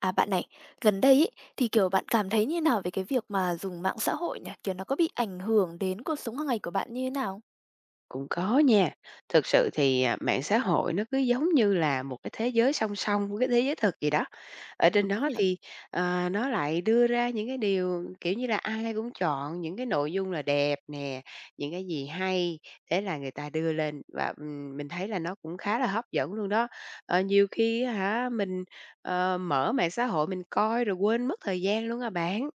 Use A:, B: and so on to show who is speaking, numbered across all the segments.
A: À, bạn này, gần đây ấy, thì, kiểu, bạn cảm thấy như thế nào về cái việc mà dùng mạng xã hội nhỉ, kiểu, nó có bị ảnh hưởng đến cuộc sống hằng ngày của bạn như thế nào?
B: Cũng có nha, thực sự thì, ờ, mạng xã hội nó cứ giống như là một cái thế giới song song với thế giới thực vậy đó. Ở trên
A: Đúng
B: đó
A: nhỉ.
B: thì, ờ, nó lại đưa ra những cái điều, kiểu như là, ai cũng chọn những cái nội dung là đẹp nè, những cái gì hay, thế là người ta đưa lên, và, ừm, mình thấy là nó cũng khá là hấp dẫn luôn đó. Ờ, nhiều khi á hả, mình, ờ, mở mạng xã hội mình coi rồi quên mất thời gian luôn à bạn.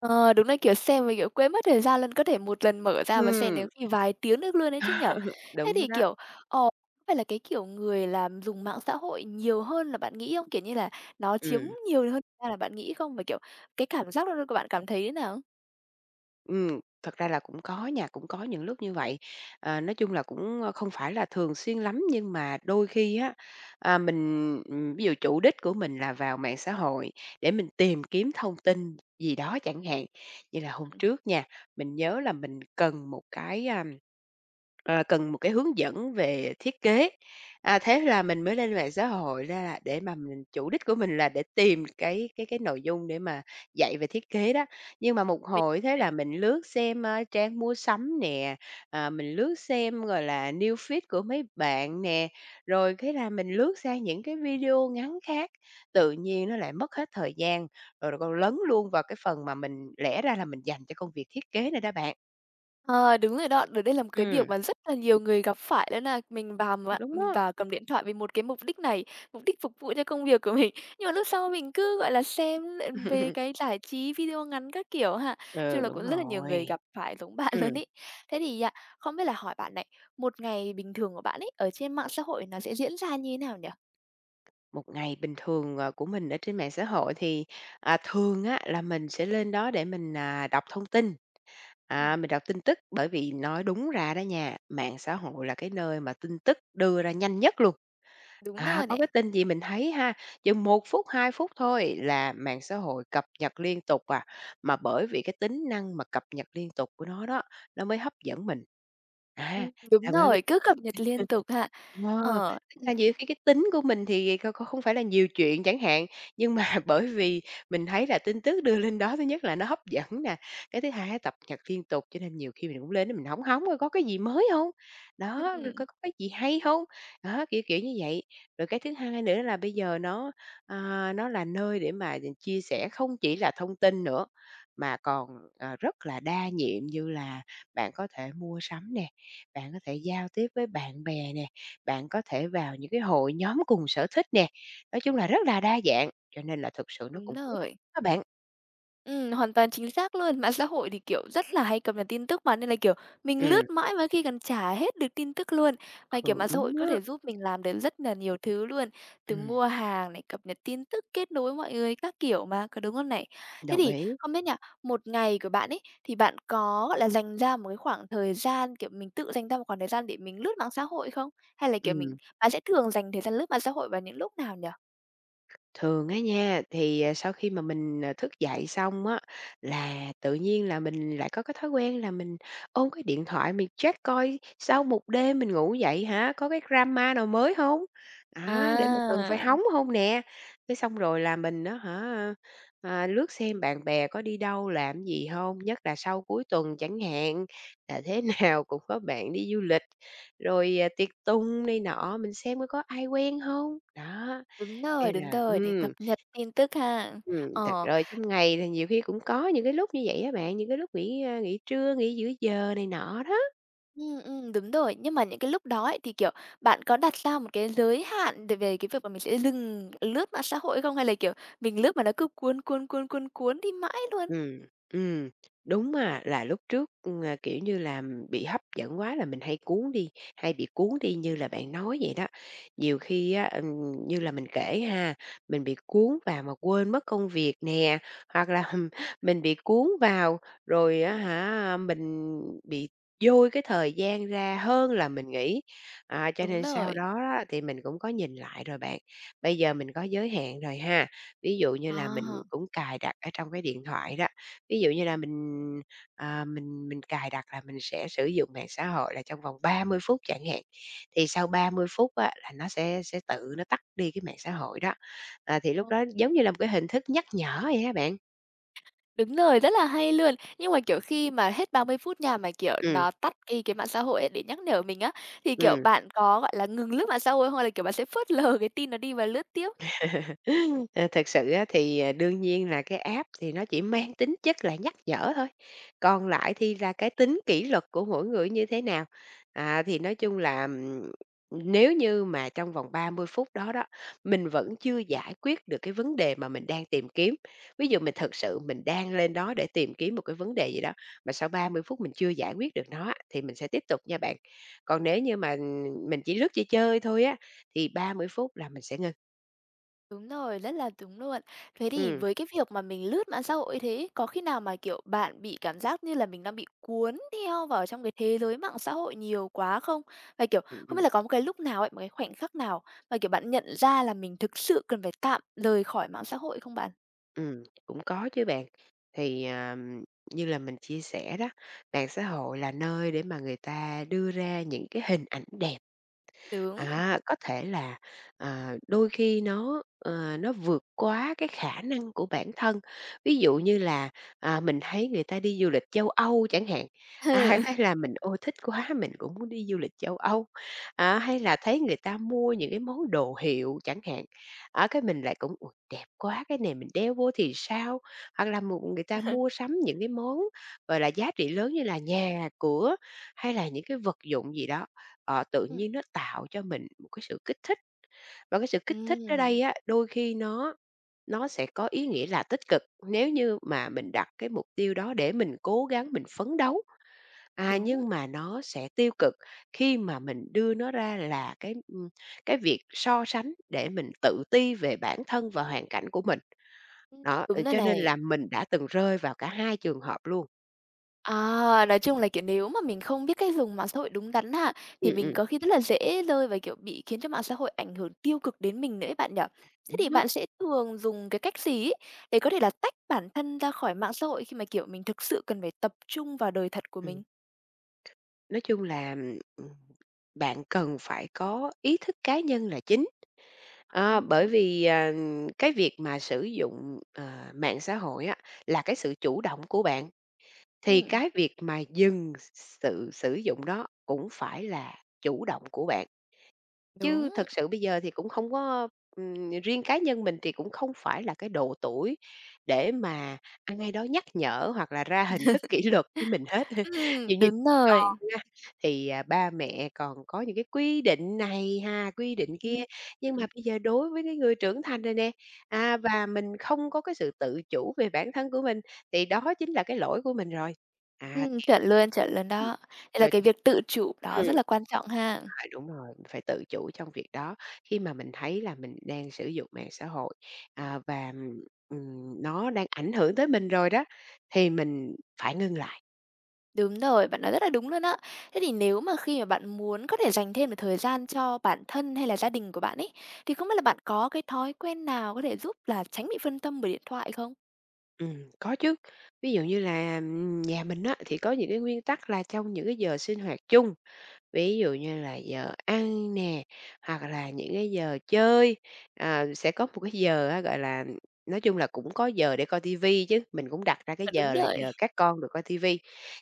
A: Ờ, đúng đấy, kiểu, xem mà, kiểu, quên mất thời gian luôn, có thể một lần mở ra mà xem đến
B: Ừm.
A: khi vài tiếng được luôn ấy chứ nhỉ. Thế
B: Đúng rồi
A: thì,
B: đó.
A: kiểu, ờ có phải là, cái kiểu, người làm dùng mạng xã hội nhiều hơn là bạn nghĩ không? Kiểu như là, nó chiếm
B: Ừm.
A: nhiều hơn ra là bạn nghĩ không? Mà, kiểu, cái cảm giác lúc đó của bạn cảm thấy thế nào?
B: Ừm, thật ra là cũng có nha, cũng có những lúc như vậy. Ờ, nói chung là cũng không phải là thường xuyên lắm, nhưng mà đôi khi á, à, mình, ừm, ví dụ chủ đích của mình là vào mạng xã hội để mình tìm kiếm thông tin gì đó chẳng hạn. Như là
A: Ưm
B: hôm
A: hừm.
B: trước nha, mình nhớ là mình cần một cái, a, ờ, cần một cái hướng dẫn về thiết kế, a, thế là mình mới lên mạng xã hội ra là để mà mình chủ đích của mình là để tìm cái cái cái nội dung để mà dạy về thiết kế đó. Nhưng mà một
A: Mình
B: hồi thế
A: đấy.
B: là mình lướt xem, a, trang mua sắm nè, ờ, mình lướt xem rồi là News Feed của mấy bạn nè, rồi cái là mình lướt sang những cái video ngắn khác, tự nhiên nó lại mất hết thời gian, rồi còn lấn luôn vào cái phần mà mình lẽ ra là mình dành cho công việc thiết kế này đó bạn.
A: Ờ, đúng rồi đó. Đợt đấy là một cái việc
B: Ừm.
A: mà rất là nhiều người gặp phải luôn á. Mình vào
B: Cũng
A: mạng
B: đúng
A: mình
B: đó.
A: vào cầm điện thoại vì một cái mục đích này, mục đích phục vụ cho công việc của mình. Nhưng mà lúc sau mình cứ, gọi là, xem lại về cái giải trí video ngắn các kiểu ha. Chung
B: Ừ,
A: là cũng
B: đúng
A: rất là nhiều người
B: rồi.
A: gặp phải giống bạn
B: Ừm.
A: luôn ấy. Thế thì nha, không biết là hỏi bạn này, một ngày bình thường của bạn ấy, ở trên mạng xã hội nó sẽ diễn ra như thế nào nhỉ?
B: Một ngày bình thường, à, của mình ở trên mạng xã hội thì, à, thường á, là mình sẽ lên đó để mình, à, đọc thông tin, à,
A: Ừm.
B: mình đọc tin tức. Bởi vì nói đúng ra đó nha, mạng xã hội là cái nơi mà tin tức đưa ra nhanh nhất luôn.
A: Đúng
B: À,
A: rồi
B: có
A: này.
B: cái tin gì mình thấy ha, chừng 1 phút, 2 phút thôi là mạng xã hội cập nhật liên tục à. Mà bởi vì cái tính năng mà cập nhật liên tục của nó đó, nó mới hấp dẫn mình. À,
A: Ừm, đúng
B: là bởi vì
A: rồi, cứ cập nhật liên tục ha,
B: ờ,
A: ờ,
B: tức
A: ừm.
B: là nhiều khi cái tính của mình thì kh kh không phải là nhiều chuyện chẳng hạn. Nhưng mà bởi vì mình thấy là tin tức đưa lên đó, thứ nhất là nó hấp dẫn nè, cái thứ hai cập nhật liên tục, cho nên nhiều khi mình cũng lên mình hóng hóng coi có cái gì mới hông? Đó, rồi
A: Ừm.
B: có có cái gì hay hông? Đó, kiểu kiểu như vậy. Rồi cái thứ hai nữa là bây giờ nó, à, nó là nơi để mà, à, chia sẻ không chỉ là thông tin nữa, mà còn, à, rất là đa nhiệm như là bạn có thể mua sắm nè, bạn có thể giao tiếp với bạn bè nè, bạn có thể vào những cái hội nhóm cùng sở thích nè. Nói chung là rất là đa dạng, cho nên là thực sự nó
A: Đúng
B: cũng ích
A: rồi.
B: đó bạn.
A: Ừm, hoàn toàn chính xác luôn. Mạng xã hội thì, kiểu, rất là hay cập nhật tin tức mà, nên là, kiểu, mình
B: Ừm.
A: lướt mãi mà có khi còn chả hết được tin tức luôn. Mà, kiểu,
B: Ừ,
A: mạng xã hội
B: đúng
A: có
B: á.
A: thể giúp mình làm được rất là nhiều thứ luôn, từ
B: Ừm.
A: mua hàng này, cập nhật tin tức, kết nối với mọi người các kiểu mà, có đúng không này? Thế
B: Đồng
A: thì
B: ý.
A: không biết nha, một ngày của bạn ấy, thì bạn có là dành ra một cái khoảng thời gian, kiểu, mình tự dành ra một khoảng thời gian để mình lướt mạng xã hội không? Hay là, kiểu, mình
B: Ừm.
A: bạn sẽ thường dành thời gian lướt mạng xã hội vào những lúc nào nhỉ?
B: Thường á nha, thì, ờ, sau khi mà mình, ờ, thức dậy xong á, là tự nhiên là mình lại có cái thói quen là mình ôm cái điện thoại mình check coi sau một đêm mình ngủ dậy hả, có cái drama nào mới hông á, để mà cần phải
A: À.
B: hóng hông nè. Cái xong rồi là mình á hả, à, lướt xem bạn bè có đi đâu, làm cái gì hông, nhất là sau cuối tuần chẳng hạn. Là thế nào cũng có bạn đi du lịch, rồi, ờ, tiệc tùng này nọ, mình xem coi có ai quen hông. Đó,
A: Đúng rồi,
B: cái
A: đúng
B: là
A: rồi, để cập
B: ừm.
A: nhật tin tức ha.
B: Ừm, thật
A: Ờ.
B: rồi trong ngày thì nhiều khi cũng có những cái lúc như vậy á, bạn, những cái lúc nghỉ nghỉ trưa, nghỉ giữa giờ này nọ đó.
A: Ừm, ừm, đúng rồi. Nhưng mà những cái lúc đó ấy thì, kiểu, bạn có đặt ra một cái giới hạn về về cái việc mà mình sẽ dừng lướt mạng xã hội hay không? Hay là, kiểu, mình lướt mà nó cứ cuốn, cuốn, cuốn, cuốn, cuốn đi mãi luôn?
B: Ừm. Ừm. Đúng mà là lúc trước, ừm, à, kiểu như là, ừm, bị hấp dẫn quá là mình hay cuốn đi, hay bị cuốn đi như là bạn nói vậy đó. Nhiều khi á, ừm, như là mình kể ha, mình bị cuốn vào mà quên mất công việc nè, hoặc là, hừm, mình bị cuốn vào rồi á hả mình bị dôi cái thời gian ra hơn là mình nghĩ. À, cho
A: Đúng
B: nên sau
A: rồi.
B: đó á thì mình cũng có nhìn lại rồi bạn, bây giờ mình có giới hạn rồi ha. Ví dụ như là mình
A: À.
B: cũng cài đặt ở trong cái điện thoại đó, ví dụ như là mình, à, mình mình cài đặt là mình sẽ sử dụng mạng xã hội là trong vòng 30 phút chẳng hạn, thì sau 30 phút á là nó sẽ sẽ tự nó tắt đi cái mạng xã hội đó. À, thì lúc
A: Ồ.
B: đó giống như là một cái hình thức nhắc nhở vậy á bạn.
A: Đúng rồi, rất là hay luôn. Nhưng mà, kiểu, khi mà hết 30 phút nha, mà, kiểu,
B: Ừm.
A: nó tắt ngay cái mạng xã hội ấy để nhắc nhở mình á, thì, kiểu,
B: Ừm.
A: bạn có, gọi là, ngừng lướt mạng xã hội hay không? Hay là, kiểu, bạn sẽ phớt lờ cái tin nó đi và lướt tiếp?
B: Ờ, thực sự á thì, ờ, đương nhiên là cái app thì nó chỉ mang tính chất là nhắc nhở thôi, còn lại thì là cái tính kỷ luật của mỗi người nó như thế nào. À, thì nói chung là, ừm, nếu như mà trong vòng 30 phút đó đó, mình vẫn chưa giải quyết được cái vấn đề mà mình đang tìm kiếm, ví dụ mình thực sự mình đang lên đó để tìm kiếm một cái vấn đề gì đó, mà sau 30 phút mình chưa giải quyết được nó á, thì mình sẽ tiếp tục nha bạn. Còn nếu như mà, ừm, mình chỉ lướt chơi chơi thôi á, thì 30 phút là mình sẽ ngưng.
A: Đúng rồi, rất là đúng luôn. Thế thì
B: Ừm.
A: với cái việc mà mình lướt mạng xã hội như thế ấy, có khi nào mà, kiểu, bạn bị cảm giác như là mình đang bị cuốn theo vào trong cái thế giới mạng xã hội nhiều quá không? Và, kiểu,
B: Ừm,
A: không biết
B: ừm.
A: là có một cái lúc nào ấy, một cái khoảnh khắc nào mà, kiểu, bạn nhận ra là mình thực sự cần phải tạm lời khỏi mạng xã hội hay không bạn?
B: Ừm, cũng có chứ bạn, thì, ờ, như là mình chia sẻ đó, mạng xã hội là nơi để mà người ta đưa ra những cái hình ảnh đẹp.
A: Tưởng
B: À, có thể là, ờ, đôi khi nó, ơ, nó vượt quá cái khả năng của bản thân, ví dụ như là, ờ, mình thấy người ta đi du lịch châu Âu chẳng hạn, à, hay là mình "Ôi! Thích quá, mình cũng muốn đi du lịch châu Âu." À, hay là thấy người ta mua những cái món đồ hiệu chẳng hạn, á, cái mình lại cũng "Ôi, đẹp quá! Cái này mình đeo vô thì sao?", hoặc là m người ta mua sắm những cái món, gọi là, giá trị lớn như là nhà cửa hay là những cái vật dụng gì đó, ờ, tự
A: Ừm.
B: nhiên nó tạo cho mình một cái sự kích thích. Và cái sự kích thích ở
A: Ừm.
B: đây á, đôi khi nó nó sẽ có ý nghĩa là tích cực, nếu như mà mình đặt cái mục tiêu đó để mình cố gắng, mình phấn đấu, à,
A: Đúng.
B: nhưng mà nó sẽ tiêu cực khi mà mình đưa nó ra là cái, ưm, cái việc so sánh để mình tự ti về bản thân và hoàn cảnh của mình.
A: Ừm,
B: Đó, ưm,
A: đúng rồi
B: cho nên
A: này.
B: là mình đã từng rơi vào cả hai trường hợp luôn.
A: À, nói chung là, kiểu, nếu mà mình không biết cách dùng mạng xã hội đúng đắn ha, thì
B: Ừm,
A: mình
B: ừm.
A: có khi rất là dễ rơi và, kiểu, bị khiến cho mạng xã hội ảnh hưởng tiêu cực đến mình nữa ấy bạn nhỉ? Thế thì
B: Đúng đó.
A: bạn sẽ thường dùng cái cách gì ấy để có thể là tách bản thân ra khỏi mạng xã hội, khi mà, kiểu, mình thực sự cần phải tập trung vào đời thật của
B: Ừm,
A: mình?
B: nói chung là, ưm, ừm, bạn cần phải có ý thức cá nhân là chính. Đó, bởi
A: Ờ.
B: vì, ờ, cái việc mà sử dụng, ờ, mạng xã hội á, là cái sự chủ động của bạn, thì
A: Ừm.
B: cái việc mà dừng s sự sử dụng đó cũng phải là chủ động của bạn. Chứ
A: Đúng.
B: thật sự bây giờ thì cũng không có ừm, riêng cá nhân mình thì cũng không phải là cái độ tuổi để mà ai đó nhắc nhở hoặc là ra hình thức kỷ luật với mình hết.
A: Ừm,
B: Ví dụ như
A: đúng rồi.
B: con á, thì ba mẹ còn có những cái quy định này ha, quy định kia,
A: Ưm,
B: nhưng
A: ừm.
B: mà bây giờ đối với cái người trưởng thành rồi nè, à, và mình không có cái sự tự chủ về bản thân của mình, thì đó chính là cái lỗi của mình rồi. À,
A: Ừm, chuẩn luôn, chuẩn luôn
B: [unintelligible]
A: đó, nên là
B: rồi
A: cái việc tự chủ
B: [unintelligible]
A: đó
B: ừm.
A: rất là quan trọng ha.
B: À, đúng rồi, mình phải tự chủ trong việc đó, khi mà mình thấy là mình đang sử dụng mạng xã hội, à, và, ừm, nó đang ảnh hưởng tới mình rồi đó, thì mình phải ngưng lại.
A: Đúng rồi, bạn nói rất là đúng luôn á. Thế thì nếu mà khi mà bạn muốn có thể dành thêm một thời gian cho bản thân hay là gia đình của bạn ấy, thì không biết là bạn có cái thói quen nào có thể giúp là tránh bị phân tâm bởi điện thoại không?
B: Ừm, có chứ. Ví dụ như là, ừm, nhà mình á, thì có những cái nguyên tắc là trong những cái giờ sinh hoạt chung, ví dụ như là giờ ăn nè, hoặc là những cái giờ chơi, ờ, sẽ có một cái giờ á, gọi là, nói chung là cũng có giờ để coi TV chứ. Mình cũng đặt ra cái
A: À, đúng
B: giờ là
A: rồi.
B: giờ các con được coi TV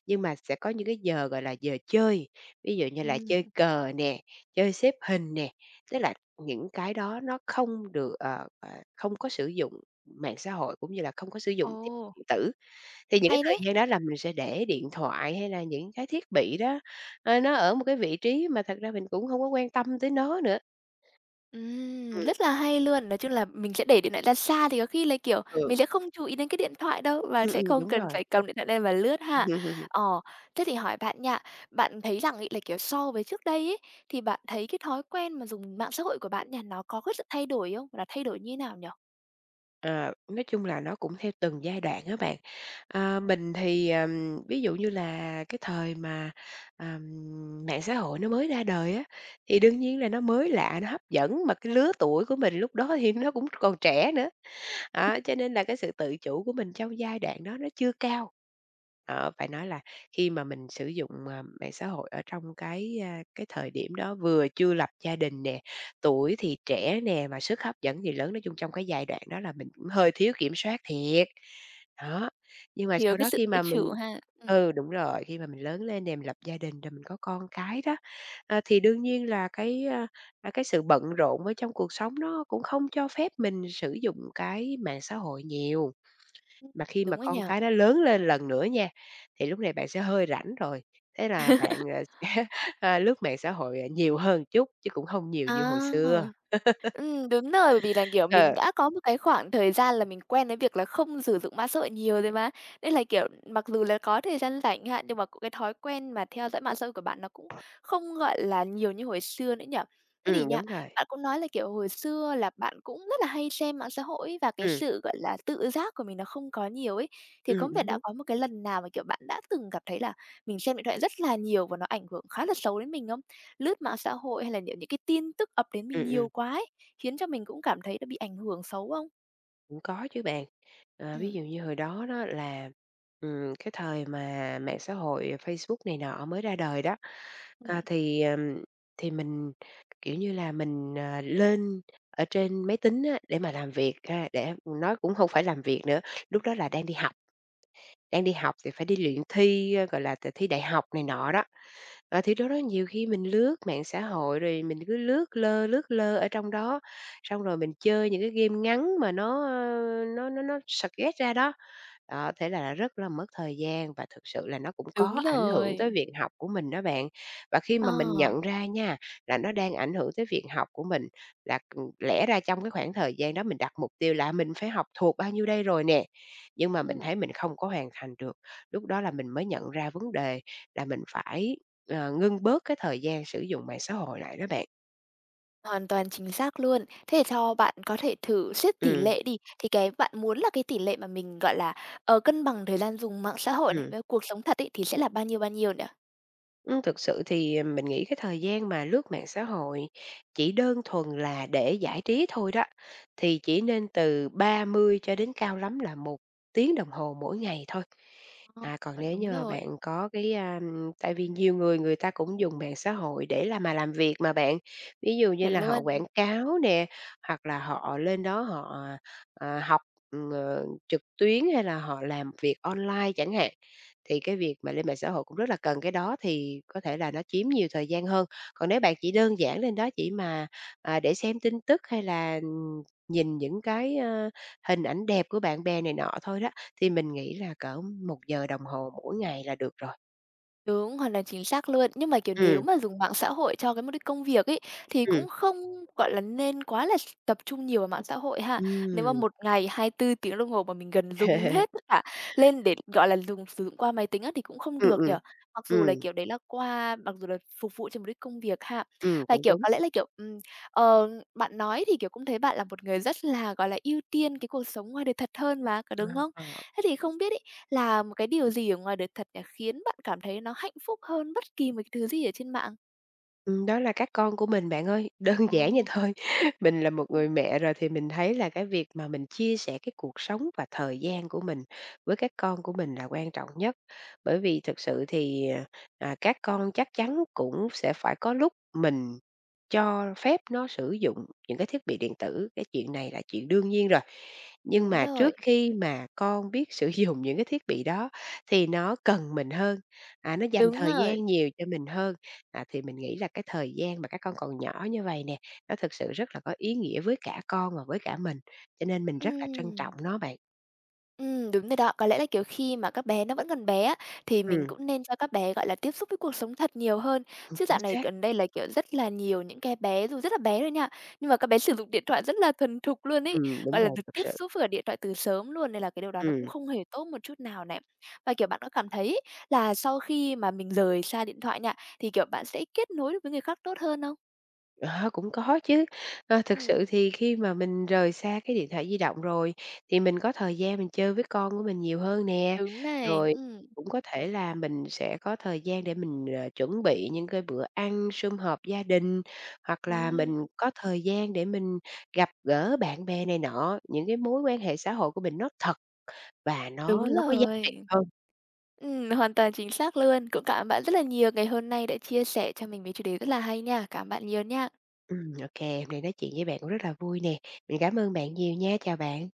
B: nhưng mà sẽ có những cái giờ gọi là giờ chơi, ví dụ như là
A: Ừm.
B: chơi cờ nè, chơi xếp hình nè, tức là những cái đó nó không được ờ, ờ, không có sử dụng mạng xã hội cũng như là không có sử dụng thiết bị
A: Ồ!
B: điện tử. Thì những cái
A: Hay thế!
B: thời gian đó là mình sẽ để điện thoại hay là những cái thiết bị đó, ờ, nó ở một cái vị trí mà thật ra mình cũng hông có quan tâm tới nó nữa.
A: Ừm,
B: Ừm.
A: rất là hay luôn. Nói chung là mình sẽ để điện thoại ra xa thì có khi là, kiểu,
B: Ừ.
A: mình sẽ không chú ý đến cái điện thoại đâu và
B: Ừm,
A: sẽ
B: ừm,
A: không
B: đúng
A: cần
B: rồi.
A: phải cầm điện thoại lên mà lướt ha. Ờ, thế thì hỏi bạn nha, bạn thấy rằng ấy, là, kiểu, so với trước đây ấy, thì bạn thấy cái thói quen mà dùng mạng xã hội của bạn nha, nó có cái sự thay đổi không? Gọi là thay đổi như thế nào nhỉ?
B: Ờ, nói chung là nó cũng theo từng giai đoạn á bạn. Ờ, mình thì, ờm, ví dụ như là cái thời mà, ờm, mạng xã hội nó mới ra đời á thì đương nhiên là nó mới lạ, nó hấp dẫn mà cái lứa tuổi của mình lúc đó thì nó cũng còn trẻ nữa. Đó,
A: [unintelligible]
B: cho nên là cái sự tự chủ của mình trong giai đoạn đó nó chưa cao. Ờ, phải nói là khi mà mình sử dụng, ờ, mạng xã hội ở trong cái, ơ, cái thời điểm đó vừa chưa lập gia đình nè, tuổi thì trẻ nè, mà sức hấp dẫn thì lớn, nói chung trong cái giai đoạn đó là mình cũng hơi thiếu kiểm soát thiệt. Đó, nhưng mà
A: Thiếu
B: sau
A: cái
B: đó
A: sự
B: khi
A: tự
B: mà mình
A: chủ ha, ừm.
B: ừ, đúng rồi, khi mà mình lớn lên nè mình lập gia đình rồi mình có con cái đó, ờ, thì đương nhiên là cái, ờ, cái sự bận rộn ở trong cuộc sống nó cũng không cho phép mình sử dụng cái mạng xã hội nhiều. Mà khi mà
A: .Đúng á nhỉ?
B: con cái nó lớn lên lần nữa nha, thì lúc này bạn sẽ hơi rảnh rồi, thế là bạn, ờ, ơ, lướt mạng xã hội nhiều hơn m chút chứ cũng không nhiều
A: À!
B: như hồi xưa.
A: Ừm, đúng rồi, bởi vì là, kiểu, mình
B: Ờ.
A: đã có một cái khoảng thời gian là mình quen với việc là không sử dụng mạng xã hội nhiều rồi mà, nên là, kiểu, mặc dù là có thời gian rảnh ch hạn, nhưng mà c cái thói quen mà theo dõi mạng xã hội của bạn nó cũng không, gọi là, nhiều như hồi xưa nữa nhỉ? Thế thì
B: Ừm,
A: nha,
B: đúng rồi.
A: bạn cũng nói là, kiểu, hồi xưa là bạn cũng rất là hay xem mạng xã hội ấy và cái
B: Ừm.
A: sự, gọi là, tự giác của mình nó không có nhiều ấy, thì
B: Ừm,
A: cũng thể
B: đúng,
A: đã
B: đúng.
A: có một cái lần nào mà, kiểu, bạn đã từng cảm thấy là mình xem điện thoại rất là nhiều và nó ảnh hưởng khá là xấu đến mình không? Lướt mạng xã hội hay là nhận những cái tin tức ập đến mình
B: Ừm,
A: nhiều
B: ừm.
A: quá ấy, khiến cho mình cũng cảm thấy là bị ảnh hưởng xấu không?
B: Cũng có chứ bạn. Ờ, ví
A: Ừm.
B: dụ như hồi đó đó là, ừm, cái thời mà mạng xã hội Facebook này nọ mới ra đời đó,
A: Ừm.
B: ờ, thì, ừm, thì mình, kiểu như mình, ờ, lên ở trên máy tính á, để mà làm việc ha. Để nói cũng không phải làm việc nữa, lúc đó là đang đi học. Đang đi học thì phải đi luyện thi, gọi là, thi đại học này nọ đó. Ờ, thì đó đó nhiều khi mình lướt mạng xã hội rồi mình cứ lướt lơ lướt lơ ở trong đó, xong rồi mình chơi những cái game ngắn mà nó, ờ, nó nó nó suggest ra đó. Đó, thế là rất là mất thời gian và thực sự là nó cũng
A: Đúng
B: có ảnh hưởng tới
A: rồi.
B: việc học của mình đó bạn. Và khi mà mình
A: Ờ.
B: nhận ra nha, là nó đang ảnh hưởng tới việc học của mình, là, ừm, lẽ ra trong cái khoảng thời gian đó mình đặt mục tiêu là mình phải học thuộc bao nhiêu đây rồi nè nhưng mà mình
A: Ừm.
B: thấy mình không có hoàn thành được. Lúc đó là mình mới nhận ra vấn đề là mình phải, ờ, ngưng bớt cái thời gian sử dụng mạng xã hội lại đó bạn.
A: Hoàn toàn chính xác luôn. Thế cho bạn có thể thử xét tỉ
B: Ừm.
A: lệ đi, thì cái bạn muốn là cái tỉ lệ mà mình gọi là, ờ, cân bằng thời gian dùng mạng xã hội này,
B: Ừm.
A: với cuộc sống thật ấy, thì sẽ là bao nhiêu, bao nhiêu nhỉ?
B: Ừm, thực sự thì, ờm, mình nghĩ cái thời gian mà lướt mạng xã hội chỉ đơn thuần là để giải trí thôi đó, thì chỉ nên từ 30 cho đến cao lắm là 1 tiếng đồng hồ mỗi ngày thôi.
A: Ờ,
B: À, còn
A: bạn
B: nếu
A: đúng
B: như mà
A: rồi.
B: bạn có cái, a, ừm, tại vì nhiều người người ta cũng dùng mạng xã hội để làm mà làm việc mà bạn, ví dụ như
A: Chuẩn
B: là họ
A: luôn!
B: quảng cáo nè, hoặc là họ lên đó họ, ờ, học, ờ, trực tuyến hay là họ làm việc online chẳng hạn, thì cái việc mà lên mạng xã hội cũng rất là cần, cái đó thì có thể là nó chiếm nhiều thời gian hơn. Còn nếu bạn chỉ đơn giản lên đó chỉ mà, à, để xem tin tức hay là nhìn những cái, ơ, hình ảnh đẹp của bạn bè này nọ thôi đó, thì mình nghĩ là cỡ 1 giờ đồng hồ mỗi ngày là được rồi.
A: Đúng, hoặc là chính xác luôn. Nhưng mà, kiểu, nếu
B: Ừm.
A: mà dùng mạng xã hội cho cái mục đích công việc ấy, thì
B: Ừm.
A: cũng không, gọi là, nên quá là s tập trung nhiều vào mạng xã hội ha? Nếu mà
B: Ừm.
A: một ngày 24 tiếng đồng hồ mà mình gần dùng hết tất cả lên để, gọi là, dùng sử dụng qua máy tính á thì cũng không
B: Ừm,
A: được nhỉ?
B: ừm,
A: Mặc dù là,
B: ừm.
A: kiểu, đấy là qua mặc dù là phục vụ cho mục đích công việc ha?
B: Ừm,
A: Và,
B: cũng
A: kiểu,
B: đúng.
A: có lẽ là, kiểu, ừm, ờ, bạn nói thì, kiểu, cũng thấy bạn là một người rất là, gọi là, ưu tiên cái cuộc sống ngoài đời thật hơn mà, có đúng
B: [unintelligible]
A: không?
B: À.
A: Thế thì không biết ấy, là một cái điều gì ở ngoài đời thật nhỉ, khiến bạn cảm thấy nó hạnh phúc hơn bất kỳ một thứ gì ở trên mạng?
B: Ừm, đó là các con của mình bạn ơi, đơn giản vậy
A: Ồ!
B: thôi. Mình là một người
A: Ừm.
B: mẹ rồi thì mình thấy là cái việc mà mình chia sẻ cái cuộc sống và thời gian của mình với các con của mình là quan trọng nhất. Bởi vì thực sự thì, à, các con chắc chắn cũng sẽ phải có lúc mình cho phép nó sử dụng những cái thiết bị điện tử, cái chuyện này là chuyện đương nhiên rồi, nhưng
A: Đúng
B: mà
A: rồi.
B: trước khi mà con biết sử dụng những cái thiết bị đó thì nó cần mình hơn, à, nó dành
A: Đúng
B: thời
A: rồi!
B: gian nhiều cho mình hơn. À, thì mình nghĩ là cái thời gian mà các con còn nhỏ như vậy nè, nó thực sự rất là có ý nghĩa với cả con và với cả mình, cho nên mình rất là trân trọng
A: Ừm.
B: nó bạn.
A: Ừm, đúng rồi đó. Có lẽ là, kiểu, khi mà các bé nó vẫn còn bé á, thì mình
B: Ừm.
A: cũng nên cho các bé, gọi là, tiếp xúc với cuộc sống thật nhiều hơn.
B: Ừm,
A: Chứ
B: chính
A: dạo này
B: xác.
A: gần đây là, kiểu, rất là nhiều những cái bé dù rất là bé thôi nha, nhưng mà các bé sử dụng điện thoại rất là thuần thục luôn ấy,
B: Ừm, đúng
A: gọi là,
B: rồi,
A: được
B: thực
A: tiếp
B: sự.
A: xúc với cả điện thoại từ sớm luôn, nên là cái điều đó nó cũng
B: Ừm.
A: không hề tốt một chút nào này. Và, kiểu, bạn có cảm thấy ấy, là sau khi mà mình rời xa điện thoại nha, thì, kiểu, bạn sẽ kết nối được với người khác tốt hơn không?
B: Ờ, cũng có chứ! Ơ, thực sự
A: Ừm.
B: thì khi mà mình rời xa cái điện thoại di động rồi thì mình có thời gian mình chơi với con của mình nhiều hơn nè,
A: Đúng này,
B: rồi
A: ừm.
B: cũng có thể là mình sẽ có thời gian để mình, ờ, chuẩn bị những cái bữa ăn sum họp gia đình, hoặc là
A: Ừm.
B: mình có thời gian để mình gặp gỡ bạn bè này nọ, những cái mối quan hệ xã hội của mình nó thật và
A: Đúng
B: nó nó có giá trị
A: rồi!
B: hơn.
A: Ừm, hoàn toàn chính xác luôn. Cũng cảm ơn bạn rất là nhiều ngày hôm nay đã chia sẻ cho mình với chủ đề rất là hay nha. Cảm ơn bạn nhiều nha!
B: Ừm, ô kê, hôm nay nói chuyện với bạn cũng rất là vui nè, mình cảm ơn bạn nhiều nha, chào bạn!